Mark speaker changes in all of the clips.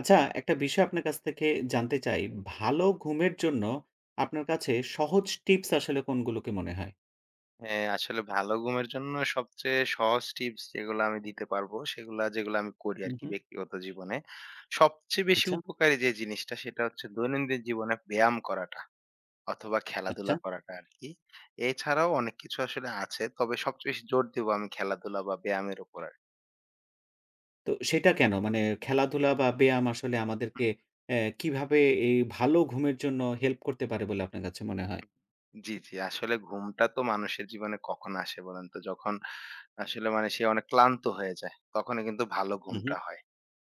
Speaker 1: আচ্ছা একটা বিষয় আপনার কাছ থেকে জানতে চাই, ভালো ঘুমের জন্য আপনার কাছে সহজ টিপস আসলে কোনগুলোকে মনে হয়?
Speaker 2: হ্যাঁ আসলে ভালো ঘুমের জন্য সবচেয়ে সহজ টিপস যেগুলা আমি দিতে পারবো সেগুলা, যেগুলা আমি করি
Speaker 1: হু,
Speaker 2: আরকি
Speaker 1: হু।
Speaker 2: ব্যক্তিগত জীবনে। সবচেয়ে বেশি
Speaker 1: আচ্ছা।
Speaker 2: উপকারী যে জিনিসটা সেটা হচ্ছে, দৈনন্দিন জীবনে ব্যায়াম করাটা অথবা
Speaker 1: আচ্ছা।
Speaker 2: খেলাধুলা করাটা আরকি। এছাড়াও অনেক কিছু আসলে আছে, তবে সবচেয়ে বেশি জোর দিব আমি খেলাধুলা বা ব্যায়ামের উপরে।
Speaker 1: তো সেটা কেনো? মানে খেলাধুলা বা ব্যায়াম আসলে
Speaker 2: হু।
Speaker 1: আমাদেরকে অ্যা কীভাবে এই ভালো ঘুমের জন্য হেল্প করতে পারে বলে আপনার কাছে মনে হয়?
Speaker 2: জি, জি। আসলে ঘুমটা তো মানুষের জীবনে কখন আসে বলেনতো? যখন আসলে মানে সে অনেক ক্লান্ত হয়ে যায়। তখনই কিন্তু ভালো
Speaker 1: উ হু।
Speaker 2: ঘুমটা হয়,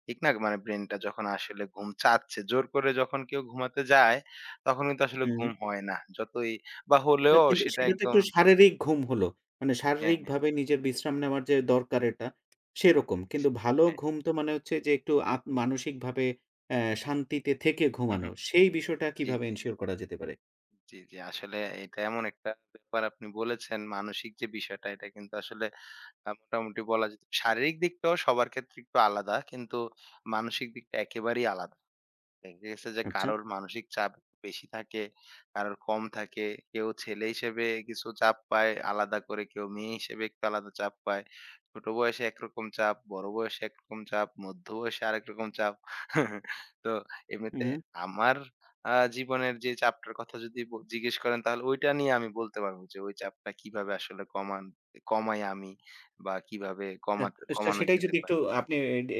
Speaker 2: ঠিক না? মানে ব্রেনটা যখন আসলে ঘুম চাচ্ছে, জোর করে যখন কেউ ঘুমাতে যায়, তখন কিন্তু আসলে
Speaker 1: উম হুম।
Speaker 2: ঘুম হয় না। যতই বা
Speaker 1: না
Speaker 2: হলেও
Speaker 1: কিন্তু
Speaker 2: সেটা
Speaker 1: সেটা তো
Speaker 2: একদম
Speaker 1: একটু শারীরিক ঘুম হল। মানে
Speaker 2: হ্যাঁ, হ্যাঁ।
Speaker 1: শারীরিকভাবে নিজের বিশ্রাম নেওয়ার যে দরকার এটা, সেরকম। কিন্তু ভালো
Speaker 2: হ্যাঁ।
Speaker 1: ঘুম তো মানে হচ্ছে যে, একটু আপ মানসিকভাবে অ্যা শান্তিতে থেকে
Speaker 2: হু, হু।
Speaker 1: ঘুমানো। সেই বিষয়টা
Speaker 2: জি,
Speaker 1: কিভাবে
Speaker 2: জি।
Speaker 1: ensure করা যেতে পারে?
Speaker 2: জ্বী, জ্বী। আসলে এটা এমন একটা ব্যাপার আপনি বলেছেন মানসিক যে বিষয়টা এটা কিন্তু আসলে আ মোটামুটি বলা যেত। শারীরিক দিকটাও সবার ক্ষেত্রে একটু আলাদা কিন্তু মানসিক দিকটা একেবারেই আলাদা। দেখা গেছে যে
Speaker 1: আচ্ছা।
Speaker 2: কারোর মানসিক চাপ বেশি থাকে, কারোর কম থাকে। কেউ ছেলে হিসেবে কিছু চাপ পায় আলাদা করে, কেউ মেয়ে হিসেবে একটু আলাদা চাপ পায়। ছোট বয়সে একরকম চাপ, বড়ো বয়সে একরকম চাপ, মধ্য বয়সে আরেকরকম চাপ। তো
Speaker 1: হুম,
Speaker 2: এমনিতে
Speaker 1: হুম।
Speaker 2: আমার আ জীবনের যে চাপটার কথা যদি ব জিজ্ঞেস করেন তাহলে ওইটা নিয়ে আমি বলতে পারবো যে ওই চাপটা কীভাবে আসলে কমান ই কমাই আমি বা কীভাবে
Speaker 1: অ্যা
Speaker 2: কমাতে
Speaker 1: তো সে সে
Speaker 2: কমানো
Speaker 1: সেটাই
Speaker 2: যেতে
Speaker 1: যদি
Speaker 2: পারে?
Speaker 1: একটু আপনি এ ডে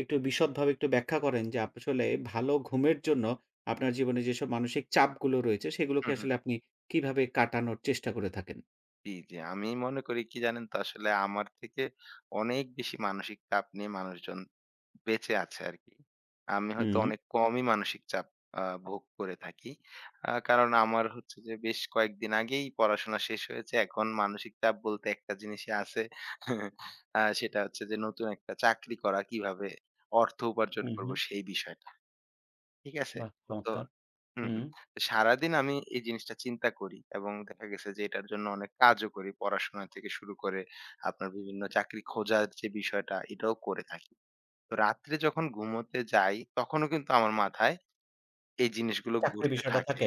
Speaker 1: একটু বিশদভাবে একটু ব্যাখ্যা করেন যে আপনি আসলে ভালো ঘুমের জন্য আপনার জীবনে যেসব মানসিক চাপগুলো রয়েছে সেগুলোকে
Speaker 2: হুম, হুম।
Speaker 1: আসলে আপনি কিভাবে কাটানোর চেষ্টা করে থাকেন?
Speaker 2: জী, জী। আমি মনে করি কি জানেন তো? আসলে আমার থেকে অনেক বেশি মানসিক চাপ নিয়ে মানুষজন বেঁচে আছে আরকি। আমি হয়তো
Speaker 1: হুম।
Speaker 2: অনেক কমই মানসিক চাপ আ ভোগ করে থাকি। আ কারণ আমার হচ্ছে যে বেশ কয়েকদিন আগেই পড়াশোনা শেষ হয়েছে। এখন মানসিক চাপ বলতে একটা জিনিসই আছে আ সেটা হচ্ছে যে নতুন একটা চাকরি করা। কিভাবে অর্থ উপার্জন
Speaker 1: হুম, হুম।
Speaker 2: করবো সেই বিষয়টা। ঠিক আছে?
Speaker 1: বাহ!
Speaker 2: তো
Speaker 1: চমৎকার!
Speaker 2: হুম,
Speaker 1: হুম।
Speaker 2: হুম। সারাদিন আমি এই জিনিসটা চিন্তা করি এবং দেখা গেছে যে এটার জন্য অনেক কাজও করি পড়াশোনা থেকে শুরু করে আপনার বিভিন্ন চাকরি খোঁজার যে বিষয়টা এটাও করে থাকি। তো রাত্রে যখন ঘুমোতে যাই তখনও কিন্তু আমার মাথায় এই জিনিসগুলো
Speaker 1: চাকরির
Speaker 2: ঘুরতে
Speaker 1: বিষয়টা
Speaker 2: থাকে।
Speaker 1: থাকে?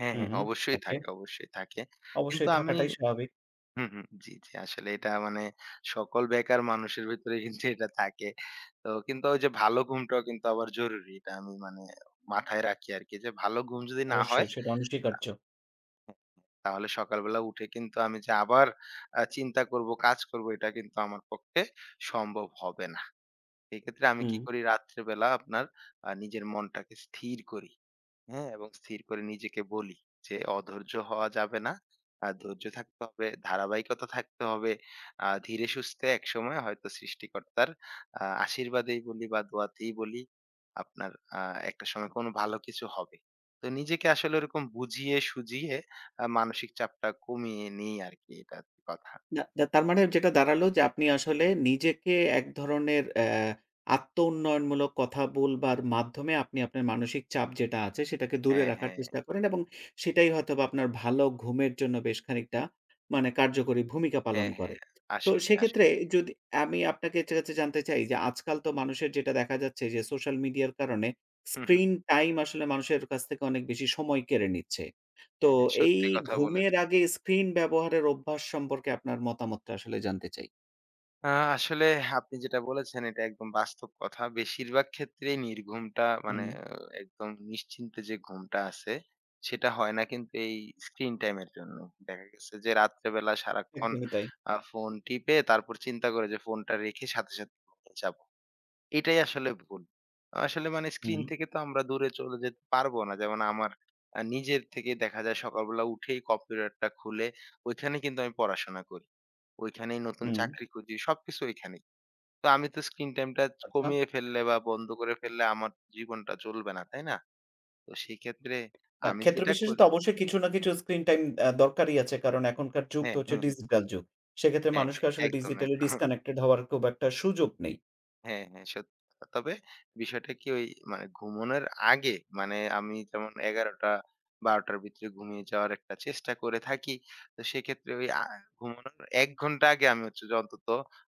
Speaker 2: হ্যাঁ,
Speaker 1: হুম,
Speaker 2: হ্যাঁ
Speaker 1: হুম।
Speaker 2: অবশ্যই
Speaker 1: ওকে।
Speaker 2: থাকে। অবশ্যই থাকে। কিন্তু
Speaker 1: অবশ্যই
Speaker 2: আমি
Speaker 1: থাকাটাই স্বাভাবিক।
Speaker 2: হুম, হুম। জ্বি, জ্বি। আসলে এটা মানে সকল বেকার মানুষের ভেতরেই কিন্তু এটা থাকে। তো কিন্তু ঐযে ভালো ঘুমটাও কিন্তু আবার জরুরি এটা আমি মানে মাথায় রাখি আরকি। যে ভালো ঘুম যদি না হয়
Speaker 1: অবশ্যই, সেটা
Speaker 2: তা
Speaker 1: অনস্বীকার্য।
Speaker 2: তাহলে সকালবেলা উঠে কিন্তু আমি যে আবার আ চিন্তা করব, কাজ করব এটা কিন্তু আমার পক্ষে সম্ভব হবে না। সেক্ষেত্রে আমি কি
Speaker 1: হুম।
Speaker 2: করি রাত্রিবেলা আপনার আ নিজের মনটাকে স্থির করি। হ্যাঁ? এবং স্থির করে নিজেকে বলি যে, "অধৈর্য হওয়া যাবে না। আ ধৈর্য থাকতে হবে, ধারাবাহিকতা থাকতে হবে। আ ধীরে সুস্থে একসময় হয়তো সৃষ্টিকর্তার আ আশীর্বাদেই বলি বা দোয়াতেই বলি আপনার আ একটা সময় কোন ভালো কিছু হবে।" তো নিজেকে আসলে ওরকম বুঝিয়ে-সুজিয়ে আ মানসিক চাপটা কমিয়ে নিই আরকি এটা কথা।
Speaker 1: না, দা তার মানে যেটা দাঁড়ালো যে আপনি আসলে নিজেকে এক ধরনের অ্যা আত্মউন্নয়নমূলক কথা বলবার মাধ্যমে আপনি আপনার মানসিক চাপ যেটা আছে, সেটাকে দূরে
Speaker 2: হ্যাঁ,
Speaker 1: রাখার
Speaker 2: হ্যাঁ, হ্যাঁ।
Speaker 1: চেষ্টা করেন। এবং সেটাই হয়তোবা আপনার ভালো ঘুমের জন্য বেশ খানিকটা মানে কার্যকরী ভূমিকা পালন
Speaker 2: হ্যাঁ, হ্যাঁ।
Speaker 1: করে। তো
Speaker 2: আসলেই,
Speaker 1: সেক্ষেত্রে
Speaker 2: আসলেই।
Speaker 1: এ যদি আমি আপনাকে ছে কাছে জানতে চাই যে আজকাল তো মানুষের যেটা দেখা যাচ্ছে যে সোশ্যাল মিডিয়ার কারণে
Speaker 2: হুম, হুম।
Speaker 1: স্ক্রিন টাইম আসলে মানুষের কাছ থেকে অনেক বেশি সময় কেড়ে নিচ্ছে। তো
Speaker 2: হ্যাঁ, হ্যাঁ
Speaker 1: এই
Speaker 2: সত্যি কথা
Speaker 1: ঘুমের
Speaker 2: বলেছেন।
Speaker 1: আগে স্ক্রিন ব্যবহারের অভ্যাস সম্পর্কে আপনার মতামতটা আসলে জানতে চাই।
Speaker 2: আ আসলে আপনি যেটা বলেছেন, এটা একদম বাস্তব কথা। বেশিরভাগ ক্ষেত্রেই নির্ঘুমটা মানে
Speaker 1: হুম।
Speaker 2: অ একদম নিশ্চিন্তে যে ঘুমটা আছে, সেটা হয় না কিন্তু এই স্ক্রিন টাইমের জন্য। দেখা গেছে যে রাত্রেবেলা সারাক্ষণ
Speaker 1: একদমই তাই।
Speaker 2: আ ফোন টিপে তারপর চিন্তা করি যে, "ফোনটা রেখে সাথে, সাথে [unintelligible] যাবো।" এটাই আসলে ভুল। আসলে মানে স্ক্রিন
Speaker 1: হুম।
Speaker 2: থেকে তো আমরা দূরে চলে যেতে পারব না। যেমন আমার আ নিজের থেকে দেখা যায় সকালবেলা উঠেই কম্পিউটারটা খুলে ঐখানে কিন্তু আমি পড়াশোনা করি। ঐখানেই নতুন
Speaker 1: হুম।
Speaker 2: চাকরি খুঁজি, সবকিছু ঐখানেই। তো আমি তো স্ক্রিন টাইম টা চ
Speaker 1: আচ্ছা।
Speaker 2: কমিয়ে ফেললে বা বন্ধ করে ফেললে আমার জীবনটা চলবে না তাই না? তো সেইক্ষেত্রে
Speaker 1: আ
Speaker 2: আমি
Speaker 1: ক্ষেত্র
Speaker 2: যেটা
Speaker 1: বিশেষে
Speaker 2: করি
Speaker 1: তো অবশ্যই কিছু না কিছু স্ক্রিন টাইম আ দরকারই আছে। কারণ এখনকার যুগ তো
Speaker 2: হ্যাঁ।
Speaker 1: হচ্ছে
Speaker 2: হুম, হুম।
Speaker 1: ডিজিটাল যুগ। সেক্ষেত্রে
Speaker 2: হ্যাঁ,
Speaker 1: মানুষকে
Speaker 2: হ্যাঁ।
Speaker 1: আসলে
Speaker 2: একদম, এক
Speaker 1: digitally disconnected হওয়ার খুব একটা সুযোগ নেই।
Speaker 2: হ্যাঁ, হ্যাঁ সত্যি কথা। তবে বিষয়টা কি? ওই মানে ঘুমানোর আগে মানে আমি যেমন ১১:০০-১২:০০ র ভেতরে ঘুমিয়ে যাওয়ার একটা চেষ্টা করে থাকি। তো সেক্ষেত্রে ঐ আ ঘুমানোর ১ ঘন্টা আগে আমি হচ্ছে যে অন্তত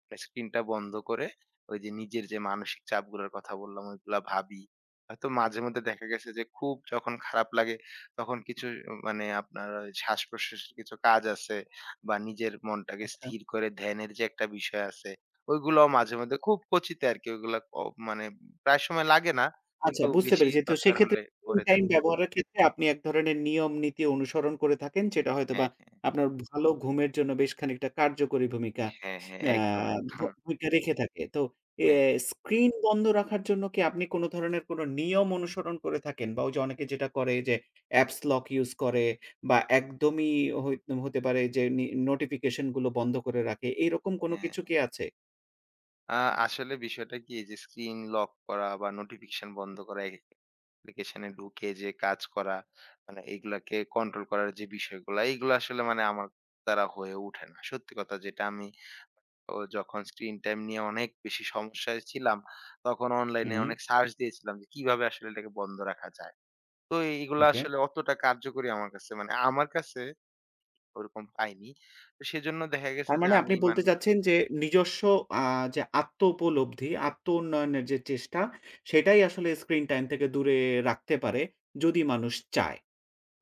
Speaker 2: মানে স্ক্রিনটা বন্ধ করে ওই যে নিজের যে মানসিক চাপগুলার কথা বললাম ঐগুলা ভাবি। হয়তো মাঝেমধ্যে দেখা গেছে যে খুব যখন খারাপ লাগে তখন কিছু মানে আপনার শ্বাস-প্রশ্বাসের কিছু কাজ আছে বা নিজের মনটাকে
Speaker 1: আচ্ছা।
Speaker 2: স্থির করে ধ্যানের যে একটা বিষয় আছে। ওইগুলাও মাঝেমধ্যে খুব কচিতে আরকি ওইগুলা ক মানে প্রায় সময় লাগে না।
Speaker 1: আচ্ছা
Speaker 2: কিন্তু
Speaker 1: বুঝতে
Speaker 2: বেশি
Speaker 1: পেরেছি। তো
Speaker 2: দরকার
Speaker 1: সেক্ষেত
Speaker 2: হলে
Speaker 1: [unintelligible]
Speaker 2: করে থাকি
Speaker 1: টাইম ব্যবহারের ক্ষেত্রে আপনি এক ধরনের নিয়ম নীতি অনুসরণ করে থাকেন। যেটা হয়তোবা
Speaker 2: হ্যাঁ, হ্যাঁ।
Speaker 1: আপনার ভালো ঘুমের জন্য বেশ খানিকটা কার্যকরী ভূমিকা
Speaker 2: হ্যাঁ, হ্যাঁ।
Speaker 1: আ
Speaker 2: একদম,
Speaker 1: ভ
Speaker 2: একদম।
Speaker 1: ভূমিকা রেখে থাকে। তো এ
Speaker 2: হ্যাঁ।
Speaker 1: স্ক্রিন বন্ধ রাখার জন্য কি আপনি কোন ধরনের নিয়ম কোন অনুসরণ করে থাকেন? বা ওইযে অনেকে যেটা করে যে, অ্যাপ্স লক ইউজ করে বা একদমই হই হতে পারে যে নি নোটিফিকেশন গুলো বন্ধ করে রাখে। এরকম কোন
Speaker 2: হ্যাঁ।
Speaker 1: কিছু কি আছে?
Speaker 2: আ আসলে বিষয়টা কি যে, স্ক্রিন লক করা বা নোটিফিকেশন বন্ধ করা, একেক অ্যাপ্লিকেশনে ঢুকে যে কাজ করা, মানে এগুলাকে কন্ট্রোল করার যে বিষয়গুলা, এগুলা আসলে মানে আমার দ্বারা হয়ে উঠে না। সত্যি কথা যেটা, আমি অ যখন স্ক্রিন টাইম নিয়ে অনেক বেশি সমস্যায় ছিলাম, তখন অনলাইনে
Speaker 1: হু।
Speaker 2: অনেক সার্চ দিয়েছিলাম যে, কিভাবে আসলে এটাকে বন্ধ রাখা যায়। তো, এই এইগুলা
Speaker 1: ওকে।
Speaker 2: আসলে অতটা কার্যকরী আমার কাছে, মানে আমার কাছে ওরকম পাইনি। তো, সেজন্য দেখা গেছে যে,
Speaker 1: তারমানে,
Speaker 2: আমি
Speaker 1: আপনি বলতে
Speaker 2: মানে
Speaker 1: চাচ্ছেন যে, নিজস্ব আ যে আত্ম-উপলব্ধি, আত্ম-উন্নয়নের যে চেষ্টা, সেটাই আসলে স্ক্রিন টাইম থেকে দূরে রাখতে পারে, যদি মানুষ চায়।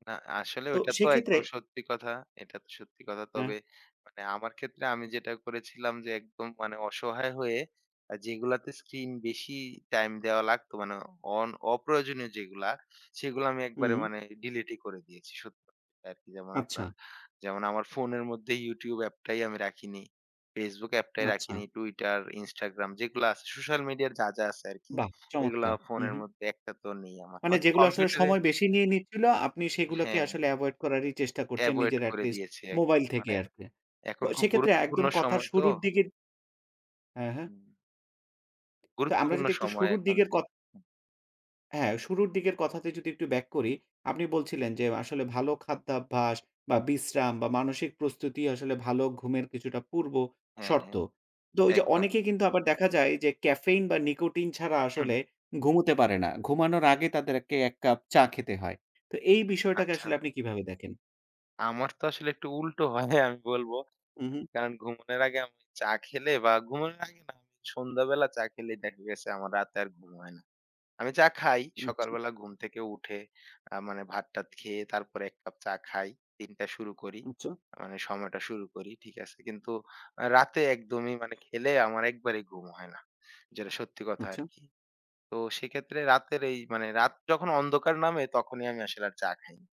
Speaker 2: না, আসলে
Speaker 1: তো,
Speaker 2: ঐটা তো
Speaker 1: সেক্ষেত্রে
Speaker 2: একদম সত্যি কথা। এটা তো সত্যি কথা।
Speaker 1: হ্যাঁ।
Speaker 2: তবে, মানে আমার ক্ষেত্রে আমি যেটা করেছিলাম যে, একদম মানে অসহায় হয়ে আ যেগুলাতে স্ক্রিন বেশি টাইম দেওয়া লাগতো, মানে অন অপ্রয়োজনীয় যেগুলা, সেগুলা আমি একবারে
Speaker 1: হুম।
Speaker 2: মানে ডিলিটই করে দিয়েছি সত্যি কথা আরকি। যেমন,
Speaker 1: আচ্ছা।
Speaker 2: আপনার যেমন, আমার ফোনের মধ্যে ইউটিউব অ্যাপটাই আমি রাখিনি, ফেসবুক অ্যাপটাই
Speaker 1: আচ্ছা।
Speaker 2: রাখিনি। টুইটার, ইনস্টাগ্রাম যেগুলা আছে, সোশ্যাল মিডিয়ার যা, যা আছে আরকি,
Speaker 1: বাহ!
Speaker 2: এগুলা
Speaker 1: চমৎকার। হু,
Speaker 2: ফোনের
Speaker 1: হু।
Speaker 2: মধ্যে একটাতেও নেই আমার।
Speaker 1: মানে,
Speaker 2: হয়তো
Speaker 1: যেগুলা আসলে
Speaker 2: কম্পিউটারে
Speaker 1: সময় বেশি নিয়ে নিচ্ছিল, আপনি সেগুলোকে
Speaker 2: হ্যাঁ।
Speaker 1: আসলে এভয়েড করারই চেষ্টা করছেন,
Speaker 2: এভয়েড
Speaker 1: নিজের
Speaker 2: করে
Speaker 1: এটলিস্ট
Speaker 2: দিয়েছি একদম।
Speaker 1: মোবাইল থেকে
Speaker 2: মানে,
Speaker 1: আরকি। তো,
Speaker 2: এখন খুব
Speaker 1: সেক্ষেত্রে
Speaker 2: গুরুত্বপূর্ণ
Speaker 1: একদম কথার
Speaker 2: সময় তো।
Speaker 1: শুরুর দিকে অ্যা হ্যাঁ।
Speaker 2: হুম।
Speaker 1: তো, আমরা
Speaker 2: গুরুত্বপূর্ণ
Speaker 1: যদি একটু
Speaker 2: সময়
Speaker 1: শুরুর
Speaker 2: এখন
Speaker 1: দিকের কথ
Speaker 2: চলতেছে।
Speaker 1: হ্যাঁ, শুরুর দিকের কথাতে যদি একটু ব্যাক করি, আপনি বলছিলেন যে, আসলে ভালো খাদ্যাভ্যাস বা বিশ্রাম বা মানসিক প্রস্তুতি আসলে ভালো ঘুমের কিছুটা
Speaker 2: হ্যাঁ,
Speaker 1: পূর্বশর্ত।
Speaker 2: হ্যাঁ।
Speaker 1: তো, ওই যে
Speaker 2: একদম।
Speaker 1: অনেকেই কিন্তু আবার দেখা যায় যে, ক্যাফেইন বা নিকোটিন ছাড়া
Speaker 2: হু, হু।
Speaker 1: আসলে ঘুমোতে পারে না। ঘুমানোর আগে তাদেরকে ১ কাপ চা খেতে হয়। তো, এই বিষয়টাকে
Speaker 2: আচ্ছা।
Speaker 1: আসলে আপনি কীভাবে দেখেন?
Speaker 2: আমার তো আসলে একটু উল্টো হয় আমি বলব।
Speaker 1: উ হু।
Speaker 2: কারণ, ঘুমানোর আগে আমি চা খেলে বা ঘুমানোর আগে না, আমি সন্ধ্যাবেলা চা খেলেই দেখা গেছে আমার রাতে আর ঘুম হয় না। আমি চা খাই।
Speaker 1: আচ্ছা।
Speaker 2: সকালবেলা ঘুম থেকে উঠে আ মানে ভাত-টাত খেয়ে তারপরে ১ কাপ চা খাই। দিনটা শুরু করি।
Speaker 1: আচ্ছা।
Speaker 2: মানে সময়টা শুরু করি। ঠিক আছে? কিন্তু আ রাতে একদমই মানে খেলে আমার একবারেই ঘুম হয় না। যেটা সত্যি কথা
Speaker 1: আচ্ছা।
Speaker 2: আরকি। তো, সেক্ষেত্রে রাতের এই মানে রাত যখন অন্ধকার নামে, তখনই আমি আসলে আর চা খাইনা।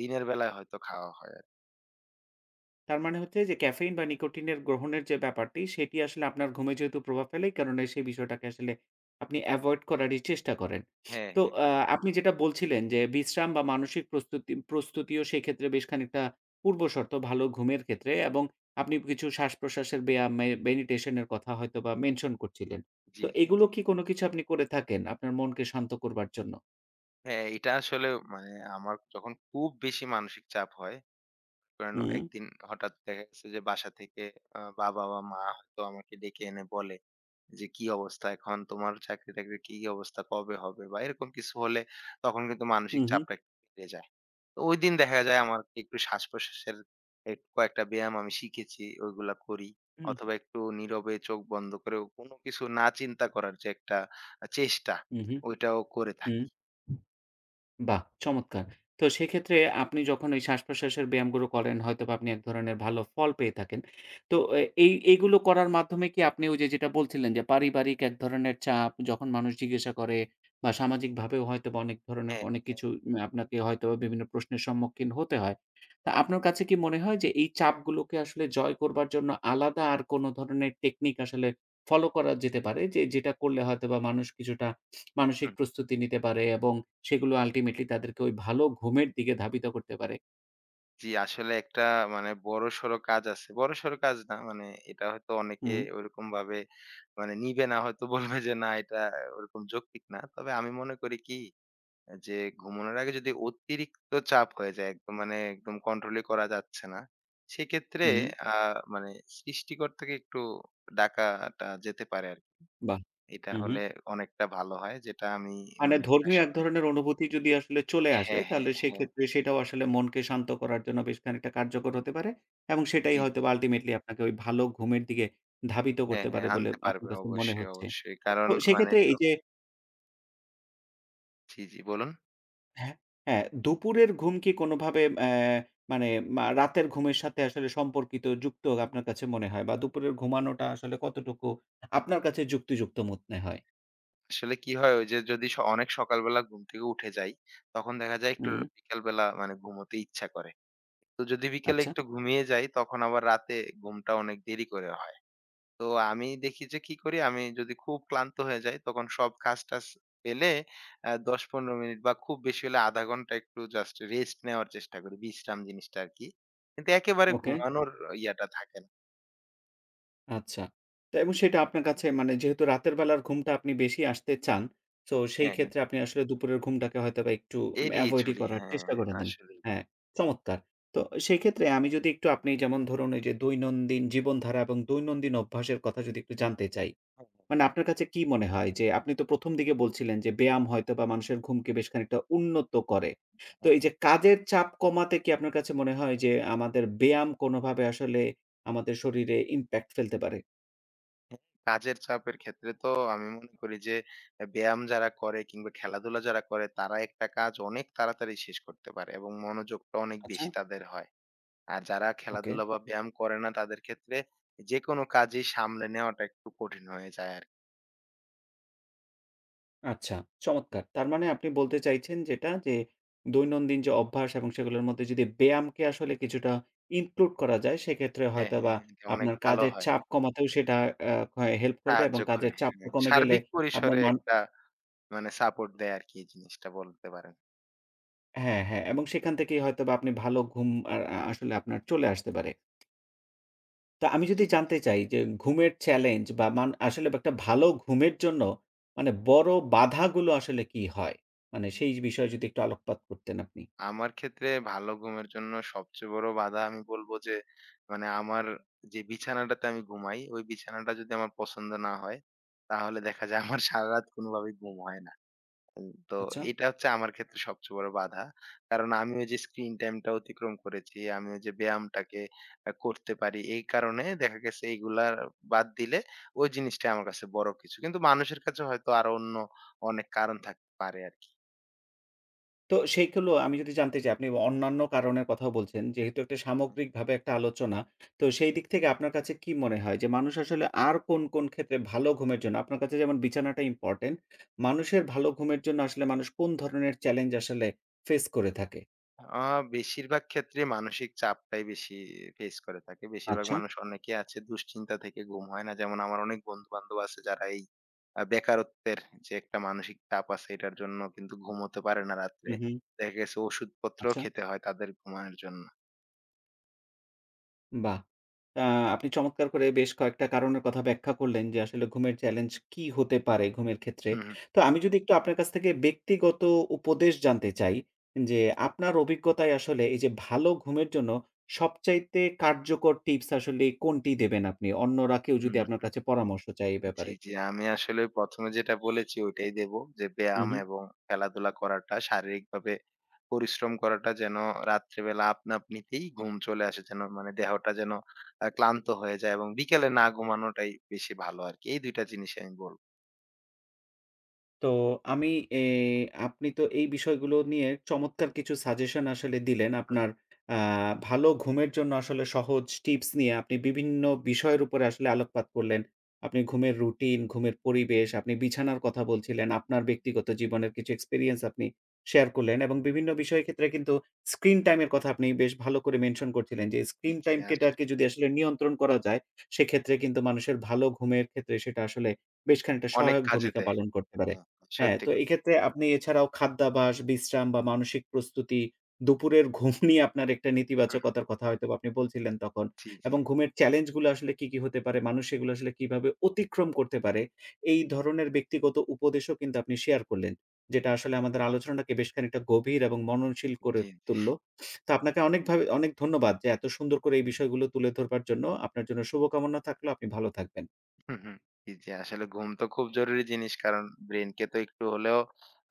Speaker 2: দিনের বেলায় হয়তো খাওয়া হয় আরকি।
Speaker 1: তারমানে হচ্ছে যে, ক্যাফেইন বা নিকোটিনের গ্রহণের যে ব্যাপারটি, সেটি আসলে আপনার ঘুমে যেহেতু প্রভাব ফেলে, এই কারনে সেই বিষয়টাকে আসলে আপনি এভয়েড করারই চেষ্টা করেন।
Speaker 2: হ্যাঁ,
Speaker 1: তো,
Speaker 2: হ্যাঁ,
Speaker 1: আ
Speaker 2: হ্যাঁ।
Speaker 1: আপনি
Speaker 2: সত্যি
Speaker 1: যেটা
Speaker 2: কথা।
Speaker 1: বলছিলেন যে, বিশ্রাম বা মানসিক প্রস্তুতি প্রস্তুতিও সেক্ষেত্রে বেশ খানিকটা পূর্বশর্ত, ভালো ঘুমের ক্ষেত্রে এবং আপনি কিছু শ্বাসপ্রশ্বাসের ব্যয়াম মে মেডিটেশন এর কথা হয়তোবা মেনশন করছিলেন।
Speaker 2: জি,
Speaker 1: তো,
Speaker 2: জি,
Speaker 1: এগুলো
Speaker 2: জি।
Speaker 1: কি কোনো কিছু আপনি করে থাকেন, আপনার মনকে শান্ত করবার জন্য?
Speaker 2: হ্যাঁ, এইটা আসলেও মানে, আমার যখন খুব বেশি মানসিক চাপ হয়, কারণ,
Speaker 1: হুম।
Speaker 2: একদিন হঠাৎ দেখা গেছে যে, বাসা থেকে আ বাবা বা মা হয়তো আমাকে ডেকে এনে বলে যে, "কি অবস্থা এখন? তোমার চাকরি-টাকরির কি অবস্থা? কবে হবে?" বা এরকম কিছু হলে, তখন কিন্তু
Speaker 1: হু,
Speaker 2: মানসিক
Speaker 1: হু।
Speaker 2: চাপটা একটু বেড়ে যায়। তো, ঐদিন দেখা যায়, আমার কে একটু শ্বাস-প্রশ্বাসের এই কয়েকটা ব্যায়াম আমি শিখেছি, ঐগুলা করি
Speaker 1: হুম।
Speaker 2: অথবা একটু নীরবে চোখ বন্ধ করেও, কোনো কিছু না চিন্তা করার যে একটা আ চেষ্টা,
Speaker 1: হু, হু।
Speaker 2: ঐটাও করে থাকি।
Speaker 1: হুম। বাহ! চমৎকার। তো, সেক্ষেত্রে আপনি যখন ঐ শ্বাস-প্রশ্বাসের ব্যায়ামগুলো করেন, হয়তোবা আপনি এক ধরনের ভালো ফল পেয়ে থাকেন। তো, এ এই এইগুলো করার মাধ্যমে কি আপনি ঐ যে যেটা বলছিলেন, যে পারিবারিক এক ধরনের চাপ, যখন মানুষ জিজ্ঞাসা করে বা সামাজিকভাবেও হয়তোবা অনেক ধরনের
Speaker 2: হ্যাঁ,
Speaker 1: অনেক
Speaker 2: হ্যাঁ, হ্যাঁ।
Speaker 1: কিছু ম্যা আপনাকে হয়তোবা বিভিন্ন প্রশ্নের সম্মুখীন হতে হয়। তো, আপনার কাছে কি মনে হয় যে, এই চাপগুলোকে আসলে জয় করবার জন্য আলাদা আর কোনো ধরনের টেকনিক আসলে ফলো করা যেতে পারে? যে, যেটা করলে হয়তোবা মানুষ কিছুটা
Speaker 2: হু,
Speaker 1: মানসিক
Speaker 2: হু।
Speaker 1: প্রস্তুতি নিতে পারে এবং সেগুলো ultimately তাদেরকে ঐ ভালো ঘুমের দিকে ধাবিত করতে পারে?
Speaker 2: জী। আসলে একটা মানে বড়সর কাজ আছে। বড়সর কাজ না মানে এটা হয়তো অনেকে
Speaker 1: হুম।
Speaker 2: ওরকমভাবে মানে নিবে না। হয়তো বলবে যে, "না এটা ওরকম যৌক্তিক না।" তবে আমি মনে করি কি? এ যে ঘুমানোর আগে যদি অতিরিক্ত চাপ হয়ে যায়, একদম মানে একদম কন্ট্রোলই করা যাচ্ছে না। সেক্ষেত্রে
Speaker 1: হুম।
Speaker 2: আ মানে সৃষ্টিকর্তাকে একটু ডাকাটা যেতে পারে আরকি।
Speaker 1: বাহ!
Speaker 2: এটা
Speaker 1: হু, হু।
Speaker 2: হলে অনেকটা ভালো হয় যেটা আমি
Speaker 1: মানে
Speaker 2: মানে প্রায়
Speaker 1: ধর্মীয় এক
Speaker 2: সময়
Speaker 1: ধরনের অনুভূতি যদি আসলে চলে আসে।
Speaker 2: হ্যাঁ, হ্যাঁ,
Speaker 1: তাহলে
Speaker 2: হ্যাঁ।
Speaker 1: সেইক্ষেত্রে সেটাও আসলে মনকে শান্ত করার জন্য বেশ খানিকটা কার্যকর হতে পারে। এবং সেটাই
Speaker 2: জি, জি।
Speaker 1: হয়তোবা আল্টিমেটলি আপনাকে ঐ ভালো ঘুমের দিকে ধাবিত
Speaker 2: হ্যাঁ,
Speaker 1: করতে
Speaker 2: হ্যাঁ।
Speaker 1: পারে বলে,
Speaker 2: আনতে
Speaker 1: আপনার
Speaker 2: পারবে
Speaker 1: কাছে মনে
Speaker 2: অবশ্যই,
Speaker 1: হচ্ছে।
Speaker 2: অবশ্যই। কারণ
Speaker 1: তো
Speaker 2: মানে
Speaker 1: সেইক্ষেত্রে
Speaker 2: তো
Speaker 1: এই যে
Speaker 2: জ্বি, জ্বি বলুন।
Speaker 1: হ্যাঁ, হ্যাঁ। দুপুরের ঘুম কি কোনভাবে অ্যা মানে মা রাতের ঘুমের সাথে আসলে সম্পর্কিত যুক্ত আপনার কাছে মনে হয়? বা দুপুরের ঘুমানোটা আসলে কতটুকু আপনার কাছে যুক্তিযুক্ত মনে হয়?
Speaker 2: আসলে কি হয়? ঐ যে যদি স অনেক সকালবেলা ঘুম থেকে উঠে যাই। তখন দেখা যায় একটু
Speaker 1: হুম।
Speaker 2: বিকালবেলা মানে ঘুমোতে ইচ্ছা করে। তো যদি বিকেলে
Speaker 1: আচ্ছা।
Speaker 2: একটু ঘুমিয়ে যাই, তখন আবার রাতে ঘুমটা অনেক দেরি করে হয়। তো আমি দেখি যে কি করি? আমি যদি খুব ক্লান্ত হয়ে যাই। তখন সব কাজ-টাজ ফেলে এ ১০-১৫ মিনিট বা খুব বেশি হলে ১/২ ঘন্টা একটু জাস্ট রেস্ট নেওয়ার চেষ্টা করি। বিশ্রাম জিনিসটা আরকি। কিন্তু একেবারে
Speaker 1: ওকে।
Speaker 2: ঘুমানোর ইয়াটা থাকে না।
Speaker 1: আচ্ছা। তো এবং সেটা আপনার কাছে মানে যেহেতু রাতের বেলার ঘুমটা আপনি বেশি আসতে চান, সো,
Speaker 2: হ্যাঁ, হ্যাঁ।
Speaker 1: সেইক্ষেত্রে আপনি আসলে দুপুরের ঘুমটাকে হয়তোবা একটু অ্যা
Speaker 2: এড়িয়ে
Speaker 1: avoid ই
Speaker 2: চলি।
Speaker 1: করার
Speaker 2: হ্যাঁ,
Speaker 1: চেষ্টা করে দেন।
Speaker 2: আসলেই।
Speaker 1: হ্যাঁ, চমৎকার! তো, সেইক্ষেত্রে আমি যদি একটু আপনি যেমন ধরুন, ওইযে দৈনন্দিন জীবনধারা এবং দৈনন্দিন অভ্যাসের কথা যদি একটু জানতে চাই। মানে, আপনার কাছে কী মনে হয় যে, আপনি তো ১ম দিকে বলছিলেন যে, ব্যায়াম হয়তোবা মানুষের ঘুমকে বেশ খানিকটা উন্নত করে। তো, এইযে কাজের চাপ কমাতে কি আপনার কাছে মনে হয় যে, আমাদের ব্যায়াম কোনোভাবে আসলে আমাদের শরীরে impact ফেলতে পারে?
Speaker 2: কাজের চাপের ক্ষেত্রে তো আমি মনে করি যে, এ্যা ব্যায়াম যারা করে কিংবা খেলাধুলা যারা করে, তারা একটা কাজ অনেক তাড়াতাড়ি শেষ করতে পারে এবং মনোযোগটা অনেক
Speaker 1: আচ্ছা।
Speaker 2: বেশি তাদের হয়। আর যারা
Speaker 1: Okay.
Speaker 2: খেলাধুলা বা ব্যায়াম করে না, তাদের ক্ষেত্রে, যেকোনো কাজই সামলে নেওয়াটা একটু কঠিন হয়ে যায় আর
Speaker 1: আচ্ছা, চমৎকার! তারমানে আপনি বলতে চাইছেন যেটা, যে, দৈনন্দিন যে অভ্যাস এবং সেগুলোর মধ্যে যদি ব্যায়ামকে আসলে কিছুটা include করা যায়, সেক্ষেত্রে
Speaker 2: হ্যাঁ, হ্যাঁ,
Speaker 1: হয়তোবা
Speaker 2: হ্যাঁ এটা অনেক
Speaker 1: আপনার
Speaker 2: ভাল
Speaker 1: কাজের
Speaker 2: হয়।
Speaker 1: চাপ কমাতেও সেটা অ্যা হয় হেল্প করবে
Speaker 2: সাহায্য
Speaker 1: এবং
Speaker 2: করে।
Speaker 1: কাজের চাপ
Speaker 2: হ্যাঁ।
Speaker 1: কমে গেলে
Speaker 2: সার্বিক
Speaker 1: আপনার
Speaker 2: পরিসরে
Speaker 1: নান
Speaker 2: একটা মানে সাপোর্ট দেয় আরকি এই জিনিসটা বলতে পারেন।
Speaker 1: হ্যাঁ, হ্যাঁ, এবং সেখান থেকেই হয়তোবা আপনি ভালো ঘুম আর আ আসলে আপনার চলে আসতে পারে। তা আমি
Speaker 2: জি,
Speaker 1: যদি
Speaker 2: জি।
Speaker 1: জানতে চাই, যে ঘুমের চ্যালেঞ্জ, বা মান আসলে বা একটা ভালো ঘুমের জন্য মানে বড় বাঁধাগুলো আসলে কী হয়? মানে সেই বিষয়ে যদি একটু আলোকপাত করতেন আপনি।
Speaker 2: আমার ক্ষেত্রে ভালো ঘুমের জন্য সবচেয়ে বড় বাঁধা আমি বলব যে, মানে আমার যে বিছানাটাতে আমি ঘুমাই। ঐ বিছানাটা যদি আমার পছন্দ না হয়, তাহলে দেখা যায় আমার সারারাত কোনভাবেই ঘুম হয় না। তো
Speaker 1: আচ্ছা।
Speaker 2: এটা হচ্ছে আমার ক্ষেত্রে সবচেয়ে বড় বাঁধা। কারন আমি ঐযে স্ক্রিন টাইমটা অতিক্রম করেছি। আমি ওই যে ব্যায়ামটাকে করতে পারি। এই কারণে দেখা গেছে এগুলার বাদ দিলে ঐ জিনিসটা আমার কাছে বড় কিছু। কিন্তু মানুষের কাছে হয়তো আরো অন্য অনেক কারন থাকতে পারে আরকি।
Speaker 1: তো সেইগুলো আমি যদি জানতে চাই আপনি ব অন্যান্য কারণের কথাও বলছেন। যেহেতু একটা সামগ্রিকভাবে একটা আলোচনা, তো সেই দিক থেকে আপনার কাছে কী মনে হয়? যে মানুষ আসলে আর কোন, কোন, ক্ষেত্রে ভালো ঘুমের জন্য আপনার কাছে যেমন বিছানাটা ইম্পোর্টেন্ট, মানুষের ভালো ঘুমের জন্য আসলে মানুষ কোন ধরনের চ্যালেঞ্জ আসলে ফেস করে থাকে?
Speaker 2: আ বেশিরভাগ ক্ষেত্রে মানসিক চাপটাই বেশি ফেইস করে থাকে। বেশিরভাগ
Speaker 1: আচ্ছা।
Speaker 2: মানুষ অনেকেই আছে দুশ্চিন্তা থেকে ঘুম হয় না। যেমন, আমার অনেক বন্ধু-বান্ধব আছে, যারা এই আ বেকারত্বের যে একটা মানসিক চাপ আছে, এটার জন্য কিন্তু ঘুমোতে পারে না রাত্রে।
Speaker 1: হুম, হুম।
Speaker 2: দেখা গেছে ওষুধপত্রও
Speaker 1: আচ্ছা।
Speaker 2: খেতে হয় তাদের ঘুমানোর জন্য।
Speaker 1: বাহ! অ্যা আপনি চমৎকার করে বেশ কয়েকটা কারণের কথা ব্যাখ্যা করলেন। যে, আসলে ঘুমের চ্যালেঞ্জ কি হতে পারে, ঘুমের ক্ষেত্রে।
Speaker 2: হুম, হুম।
Speaker 1: তো, আমি যদি একটু আপনার কাছ থেকে ব্যক্তিগত উপদেশ জানতে চাই, যে, আপনার অভিজ্ঞতায় আসলে এই যে ভালো ঘুমের জন্য, সবচাইতে কার্যকর টিপস আসলে কোনটি দেবেন আপনি? অন্যরা কেউ
Speaker 2: হুম,
Speaker 1: যদি
Speaker 2: হুম,
Speaker 1: আপনার
Speaker 2: হুম।
Speaker 1: কাছে পরামর্শ চায় এ
Speaker 2: জি,
Speaker 1: ব্যাপারে?
Speaker 2: জি। আমি আসলে ১ম এ যেটা বলেছি, ঐটাই দেব। যে,
Speaker 1: হুম,
Speaker 2: ব্যায়াম
Speaker 1: হুম।
Speaker 2: এবং খেলাধুলা করাটা শারীরিকভাবে পরিশ্রম করাটা যেন, রাত্রেবেলা আপনা-আপনিতেই ঘুম চলে আসে, যেন মানে দেহটা যেন, আ ক্লান্ত হয়ে যায় এবং বিকেলে না ঘুমানোটাই বেশি ভালো আরকি। এই ২ টা জিনিসই আমি বলব।
Speaker 1: তো, আমি এ আপনি তো এই বিষয়গুলো নিয়ে চমৎকার কিছু সাজেশন আসলে দিলেন।
Speaker 2: হুম, হুম।
Speaker 1: আপনার আ ভালো ঘুমের জন্য আসলে সহজ টিপস নিয়ে আপনি বিভিন্ন বিষয়ের উপরে আসলে আলোকপাত করলেন। আপনি ঘুমের রুটিন, ঘুমের পরিবেশ, আপনি বিছানার কথা বলছিলেন, আপনার ব্যক্তিগত জীবনের কিছু experience আপনি শেয়ার করলেন এবং বিভিন্ন বিষয়ের ক্ষেত্রে কিন্তু স্ক্রিন টাইম এর কথা আপনি বেশ ভালো করে mention করছিলেন। যে,
Speaker 2: জি,
Speaker 1: স্ক্রিন
Speaker 2: জি,
Speaker 1: টাইমটাকে
Speaker 2: আসলেই।
Speaker 1: যদি আসলে নিয়ন্ত্রণ করা যায়, সেক্ষেত্রে কিন্তু মানুষের ভালো ঘুমের ক্ষেত্রে সেটা আসলে বেশ খানিকটা
Speaker 2: অনেক
Speaker 1: সহায়ক
Speaker 2: কাজে
Speaker 1: ভূমিকা
Speaker 2: দেয়।
Speaker 1: পালন করতে পারে। হ্যাঁ,
Speaker 2: সত্যি
Speaker 1: তো,
Speaker 2: কথা।
Speaker 1: এইক্ষেত্রে আপনি এছাড়াও খাদ্যাভাস, বিশ্রাম বা মানসিক প্রস্তুতি, দুপুরের ঘুম নিয়ে আপনার একটা
Speaker 2: হুম, হুম।
Speaker 1: নেতিবাচকতার কথা হয়তোবা আপনি বলছিলেন তখন
Speaker 2: জি, জি।
Speaker 1: এবং ঘুমের চ্যালেঞ্জ গুলা আসলে কি কি হতে পারে, মানুষ এগুলা আসলে কিভাবে অতিক্রম করতে পারে, এই ধরনের ব্যক্তিগত উপদেশও কিন্তু আপনি শেয়ার করলেন। যেটা আসলে আমাদের আলোচনাটাকে বেশ খানিকটা গভীর এবং মননশীল করে
Speaker 2: জি, জি।
Speaker 1: তুললো। তো, আপনাকে অনেকভাবে অনেক ধন্যবাদ যে, এত সুন্দর করে এই বিষয়গুলো তুলে ধরবার জন্য। আপনার জন্য শুভকামনা থাকলো। আপনি ভালো থাকবেন।
Speaker 2: হুম, হুম, জি, জি, আসলে ঘুম তো খুব জরুরি জিনিস। কারণ, ব্রেইনকে তো একটু হলেও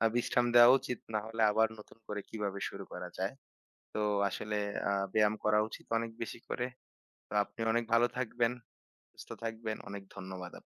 Speaker 2: আ বিশ্রাম দেওয়া উচিত, নাহলে আবার নতুন করে কিভাবে শুরু করা যায়। তো, আসলে আ ব্যায়াম করা উচিত অনেক বেশি করে। তো, আপনি অনেক ভালো থাকবেন, সুস্থ থাকবেন। অনেক ধন্যবাদ আপ